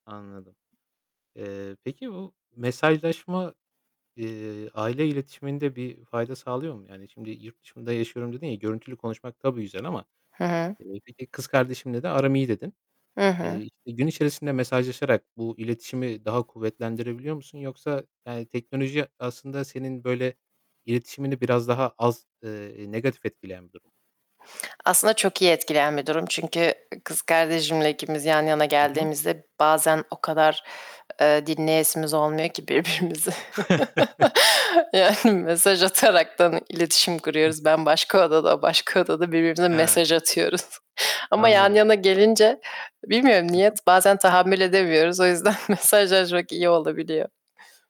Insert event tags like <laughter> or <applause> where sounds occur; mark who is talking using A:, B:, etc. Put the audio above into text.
A: Anladım. Eee, peki bu mesajlaşma, eee, aile iletişiminde bir fayda sağlıyor mu? Yani, şimdi, "Yurt dışında yaşıyorum." dedin ya görüntülü konuşmak tabii güzel ama
B: Hı hı.
A: bir de, "Kız kardeşimle de aram iyi." dedin.
B: Hı
A: Eee,
B: hı.
A: işte gün içerisinde mesajlaşarak bu iletişimi daha kuvvetlendirebiliyor musun? Yoksa yani teknoloji aslında senin böyle, iletişimini biraz daha az, eee, negatif etkileyen bir durum
B: Aslında çok iyi etkileyen bir durum, çünkü kız kardeşimle ikimiz yan yana
A: Hı hı.
B: geldiğimizde bazen o kadar, eee, dinleyesimiz olmuyor ki birbirimizi <chuckles>
A: <chuckles>
B: yani mesaj ataraktan iletişim
A: Hı
B: kuruyoruz.
A: hı.
B: Ben başka odada, o başka odada birbirimize
A: Ha.
B: mesaj atıyoruz ama yan
A: Anladım.
B: yana gelince, bilmiyorum
A: Hı
B: niye,
A: hı.
B: bazen tahammül edemiyoruz. O yüzden mesajlaşmak iyi olabiliyor.